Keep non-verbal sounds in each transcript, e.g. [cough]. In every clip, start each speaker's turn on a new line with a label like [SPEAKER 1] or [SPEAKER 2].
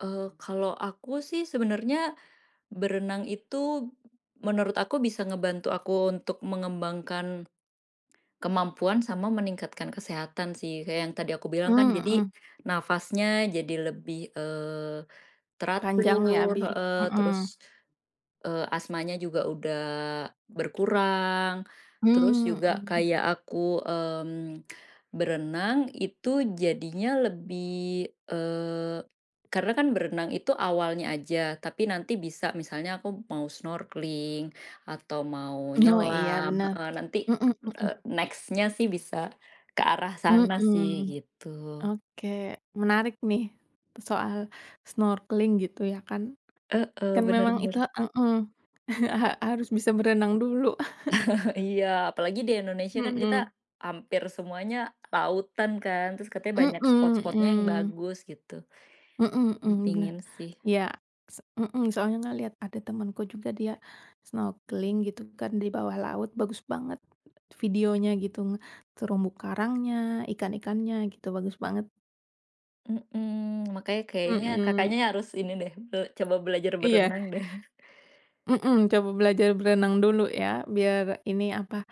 [SPEAKER 1] Eee, kalau aku sih, sebenarnya berenang itu, menurut aku bisa ngebantu aku untuk mengembangkan [swallows] kemampuan sama meningkatkan kesehatan, sih. Kayak yang tadi aku bilang kan,
[SPEAKER 2] Mmm,
[SPEAKER 1] jadi,
[SPEAKER 2] mhm.
[SPEAKER 1] nafasnya jadi lebih, eee,
[SPEAKER 2] Panjang ya,
[SPEAKER 1] teratur
[SPEAKER 2] abi
[SPEAKER 1] heeh, terus,
[SPEAKER 2] mhm.
[SPEAKER 1] eee, asmanya juga udah berkurang. Terus
[SPEAKER 2] Mmm,
[SPEAKER 1] juga
[SPEAKER 2] mhm.
[SPEAKER 1] kayak aku, mmm, berenang, itu jadinya lebih, eee karena kan berenang itu awalnya aja. Tapi nanti bisa, misalnya aku mau snorkeling atau mau
[SPEAKER 2] Oh, iya,
[SPEAKER 1] nyelam
[SPEAKER 2] benar.
[SPEAKER 1] heeh, nanti,
[SPEAKER 2] Mhm mhm.
[SPEAKER 1] eee, next-nya sih, bisa ke arah sana sih,
[SPEAKER 2] Mhm.
[SPEAKER 1] gitu.
[SPEAKER 2] Oke. Menarik nih, soal snorkeling, gitu, ya kan.
[SPEAKER 1] Heeh.
[SPEAKER 2] Kan
[SPEAKER 1] Benar
[SPEAKER 2] memang itu
[SPEAKER 1] benar.
[SPEAKER 2] ha mhm [chuckles] a ha harus bisa berenang dulu. [chuckles]
[SPEAKER 1] [chuckles] Iya. Apalagi di Indonesia kan kita,
[SPEAKER 2] Mhm.
[SPEAKER 1] hampir semuanya lautan, kan. Terus katanya
[SPEAKER 2] Mhm
[SPEAKER 1] banyak spot-spotnya yang
[SPEAKER 2] mhm.
[SPEAKER 1] bagus, gitu.
[SPEAKER 2] Mhm
[SPEAKER 1] Ih,
[SPEAKER 2] mhm, benar.
[SPEAKER 1] pengen sih.
[SPEAKER 2] Iya, se mhm, soalnya ngelihat ada temanku juga dia snorkeling, gitu kan, di bawah laut. Bagus banget, videonya, gitu. Nge terumbu karangnya, ikan-ikannya, gitu, bagus banget.
[SPEAKER 1] Mhm. Makanya, kayaknya
[SPEAKER 2] Mhm.
[SPEAKER 1] Kakaknya harus ini deh, e coba belajar
[SPEAKER 2] Iya.
[SPEAKER 1] berenang, deh. [chuckles]
[SPEAKER 2] Mhm, coba belajar berenang dulu, ya? Biar ini, apa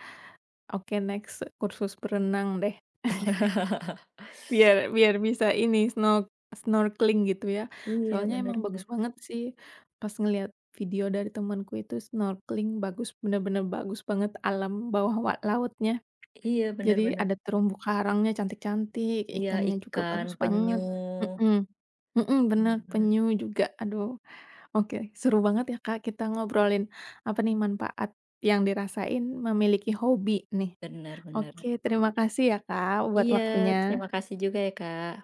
[SPEAKER 2] oke, next, kursus berenang, deh. [chuckles]
[SPEAKER 1] [laughs]
[SPEAKER 2] Biar biar bisa ini, snork snorkeling, gitu ya.
[SPEAKER 1] Iya.
[SPEAKER 2] Soalnya
[SPEAKER 1] Benar
[SPEAKER 2] emang
[SPEAKER 1] benar.
[SPEAKER 2] bagus banget, sih. Pas ngelihat video dari temanku itu snorkeling, bagus. Benar-benar bagus banget alam bawah wa lautnya.
[SPEAKER 1] Iya, benar
[SPEAKER 2] Jadi,
[SPEAKER 1] benar.
[SPEAKER 2] ada terumbu karangnya cantik-cantik,
[SPEAKER 1] Iya,
[SPEAKER 2] ikannya juga
[SPEAKER 1] ikan,
[SPEAKER 2] bagus
[SPEAKER 1] penyu.
[SPEAKER 2] banget. Mhm. Mhm, benar.
[SPEAKER 1] Benar benar.
[SPEAKER 2] Penyu juga, aduh. Oke. Seru banget ya, Kak, kita ngobrolin apa, nih? Manfaat yang dirasain memiliki hobi, nih.
[SPEAKER 1] Benar benar.
[SPEAKER 2] Oke, terima kasih ya, Kak, buat
[SPEAKER 1] Iya,
[SPEAKER 2] waktunya.
[SPEAKER 1] terima kasih juga ya, Kak.